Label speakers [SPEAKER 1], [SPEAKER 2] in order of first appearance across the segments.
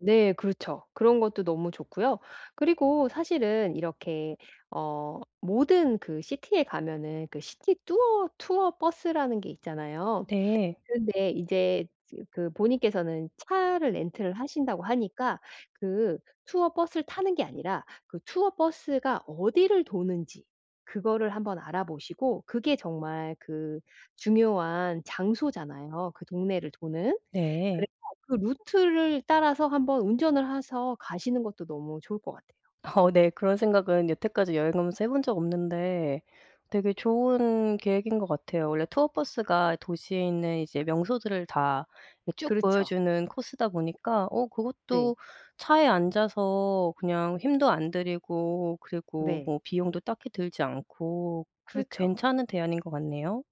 [SPEAKER 1] 네. 그렇죠. 그런 것도 너무 좋고요. 그리고 사실은 이렇게 어 모든 그 City에 에 가면은 그 City 뚜어 투어 버스라는 게 있잖아요?
[SPEAKER 2] 네.
[SPEAKER 1] 근데 이제 이제 그 본인께서는 차를 렌트를 하신다고 하니까 그 투어 버스를 타는 게 아니라 그 투어 버스가 어디를 도는지 그거를 한번 알아보시고 그게 정말 그 중요한 장소잖아요, 그 동네를 도는?
[SPEAKER 2] 네.
[SPEAKER 1] 그래서 그 루트를 따라서 한번 운전을 해서 가시는 것도 너무 좋을 것 같아요.
[SPEAKER 2] 어 네 그런 생각은 여태까지 여행 가면서 해 본 적 없는데 되게 좋은 계획인 것 같아요. 원래 투어 버스가 도시에 있는 이제 명소들을 다 이 쭉
[SPEAKER 1] 그렇죠.
[SPEAKER 2] 보여주는 코스다 보니까 어
[SPEAKER 1] 네.
[SPEAKER 2] 그것도 차에 앉아서 그냥 힘도 안 들이고 그리고
[SPEAKER 1] 네.
[SPEAKER 2] 뭐 비용도 딱히 들지 않고 꽤
[SPEAKER 1] 그렇죠.
[SPEAKER 2] 괜찮은 대안인 것 같네요?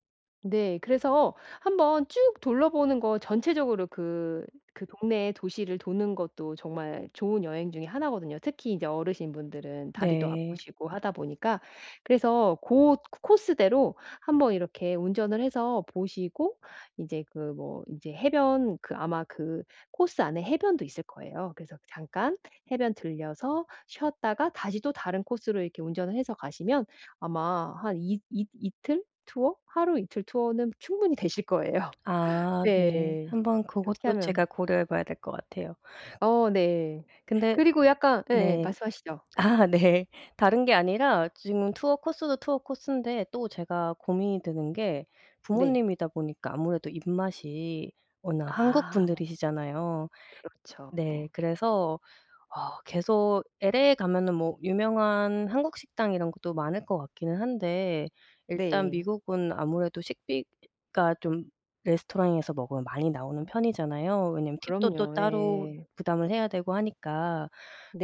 [SPEAKER 1] 네. 그래서 한번 쭉 둘러보는 거 전체적으로 그, 그 동네에 도시를 도는 것도 정말 좋은 여행 중에 1 거든요. 특히 이제 어르신 분들은 다리도
[SPEAKER 2] 네.
[SPEAKER 1] 아프시고 하다 보니까 그래서 고 옷 코스대로 한번 이렇게 운전을 해서 보시고 이제 그 뭐 이제 해변 그 아마 그 코스 안에 해변도 있을 거예요. 그래서 잠깐 해변 들러서 쉬었다가 다시 또 다른 코스로 이렇게 운전을 해서 가시면 아마 한 이 이 이틀 투어? 하루이틀 투어는 충분히 되실 거예요.
[SPEAKER 2] 아
[SPEAKER 1] 네.
[SPEAKER 2] 네. 한번
[SPEAKER 1] 이렇게
[SPEAKER 2] 그것도
[SPEAKER 1] 하면
[SPEAKER 2] 제가 고려해 봐야 될 것 같아요.
[SPEAKER 1] 어 네.
[SPEAKER 2] 근데
[SPEAKER 1] 그리고 약간 예예.
[SPEAKER 2] 네.
[SPEAKER 1] 말씀하시죠.
[SPEAKER 2] 아 네. 다른 게 아니라 지금 투어 코스도 투어 코스인데 또 제가 고민이 되는 게
[SPEAKER 1] 네.
[SPEAKER 2] 부모님이다 보니까 아무래도 입맛이 워낙 한국
[SPEAKER 1] 아.
[SPEAKER 2] 분들이시잖아요?
[SPEAKER 1] 그렇죠.
[SPEAKER 2] 네. 그래서 어 계속 LA에 가면은 뭐 유명한 한국 식당 이런 것도 많을 것 같기는 한데 일단
[SPEAKER 1] 네.
[SPEAKER 2] 미국은 아무래도 식비가 좀 레스토랑에서 먹으면 많이 나오는 편이잖아요? 왜냐면 팁도 또
[SPEAKER 1] 그럼요.
[SPEAKER 2] 따로
[SPEAKER 1] 예.
[SPEAKER 2] 부담을 해야 되고 하니까.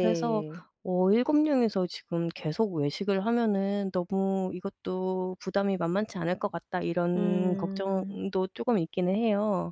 [SPEAKER 2] 그래서 어 '7 명이서 지금 계속 외식을 하면은 너무 이것도 부담이 만만치 않을 것 같다.' 이런
[SPEAKER 1] 음.
[SPEAKER 2] 걱정도 쪼금 있기는 해요.